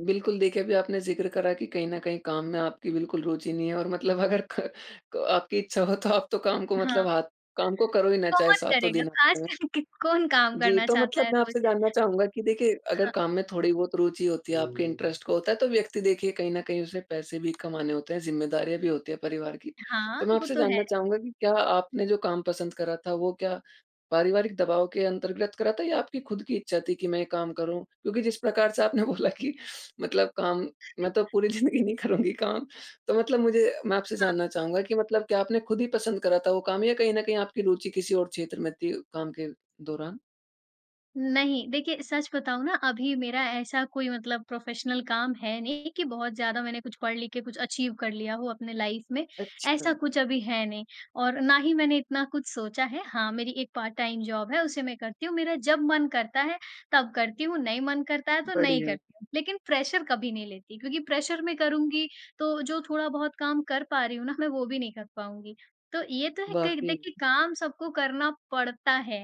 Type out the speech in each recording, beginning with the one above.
बिल्कुल, देखिए अभी आपने ज़िक्र करा कि कहीं न कहीं काम में आपकी बिल्कुल रुचि नहीं है और मतलब अगर क आपकी इच्छा हो तो आप तो काम को हाँ। मतलब हाथ काम को करो ही ना चाहे कौन सातों करेगा? दिन हफ़्ते ख़ास में। कर के कौन काम जी, करना तो चाहता मतलब है मैं रोज़? आपसे जानना चाहूँगा कि देखिए अगर हाँ। काम में थोड़ी-बहुत रुचि होती है आपके इंटरेस्ट का होता है तो व्यक्ति देखिए कहीं न कहीं उसे पैसे भी कमाने होते हैं, ज़िम्मेदारियाँ भी होती हैं परिवार की। हाँ, तो मैं वो आपसे तो जानना है। चाहूँगा कि क्या आपने जो काम पसँद करा था वो क्या पारिवारिक दबाव के अँतर्गत करा था या आपकी ख़ुद की इच्छा थी कि मैं ये काम करूँ? क्योंकि जिस प्रकार से आपने बोला कि मतलब काम मैं तो पूरी ज़िंदगी नहीं करुँगी काम तो मतलब मुझे मैं आपसे हाँ। जानना चाहूँगा कि मतलब क्या आपने ख़ुद ही पसँद करा था वो काम या कहीं न कहीं आपकी रुचि किसी और क्षेत्र में थी काम के दौरान? नहीं, देखिए सच बताऊँ ना अभी मेरा ऐसा कोई मतलब प्रोफेशनल काम है नहीं कि बहुत ज़्यादा मैंने कुछ पढ़ लिख के कुछ अचीव कर लिया हो अपनी लाइफ़ में। अच्छा। ऐसा कुछ अभी है नहीं। और ना ही मैंने इतना कुछ सोचा है, हाँ, मेरी एक पार्ट-टाइम जॉब है उसे मैं करती हूँ। मेरा जब मन करता है तब करती हूँ, नहीं मन करता है तो नहीं बढ़िया। करती हूँ। लेकिन प्रेशर कभी नहीं लेती क्योंकि प्रेशर मैं करुँगी तो जो थोड़ा-बहुत काम कर पा रही हूँ ना, मैं वो भी नहीं कर पाऊँगी। तो ये तो है कि वाक़ई। देखिए काम सबको करना पड़ता है,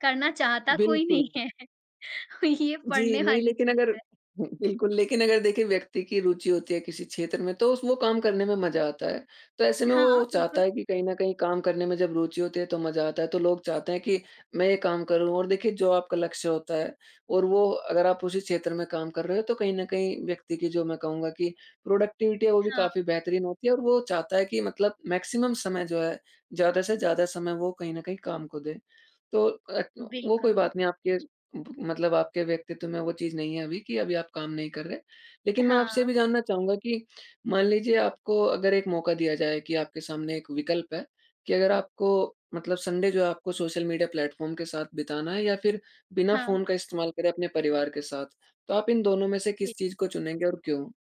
करना चाहता कोई नहीं बिल्कुल। है। ये जी पड़ने नहीं, वाली लेकिन अगर चीज़ है। हुँ बिल्कुल, लेकिन अगर देखिए व्यक्ति की रुचि होती है किसी क्षेत्र में तो उस वो काम करने में मज़ा आता है। तो ऐसे में हाँ, वो चाहता बिल्कुल। है कि कहीं न कहीं काम करने में जब रुचि होती है तो मज़ा आता है। तो लोग चाहते हैं कि मैं ये काम करूँ। और देखिए जो आपका लक्ष्य होता है और वो अगर आप उसी क्षेत्र में काम कर रहे हो तो कहीं न कहीं व्यक्ति की जो मैं कहूँगा कि प्रोडक्टिविटी है वो भी हाँ। काफ़ी बेहतरीन होती है और वो चाहता है कि मतलब मैक्सिमम समय जो है, ज़्यादा से ज़्यादा समय वो कहीं न कहीं काम को दे। तो ए क वो कोई बिल्कुल। बात नहीं आपके ब मतलब आपके व्यक्तित्व में वो चीज़ नहीं है अभी कि अभी आप काम नहीं कर रहे। लेकिन मैं आपसे ये हाँ। भी जानना चाहूँगा कि मान लीजिए आपको अगर एक मौक़ा दिया जाए कि आपके सामने एक विकल्प है कि अगर आपको मतलब संडे जो है आपको सोशल मीडिया प्लेटफ़ॉर्म के साथ बिताना है या फिर बिना हाँ। फ़ोन का इस्तेमाल करे अपने परिवार के साथ, तो आप इन दोनों में से जी। किस चीज़ को चुनेंगे और क्यों?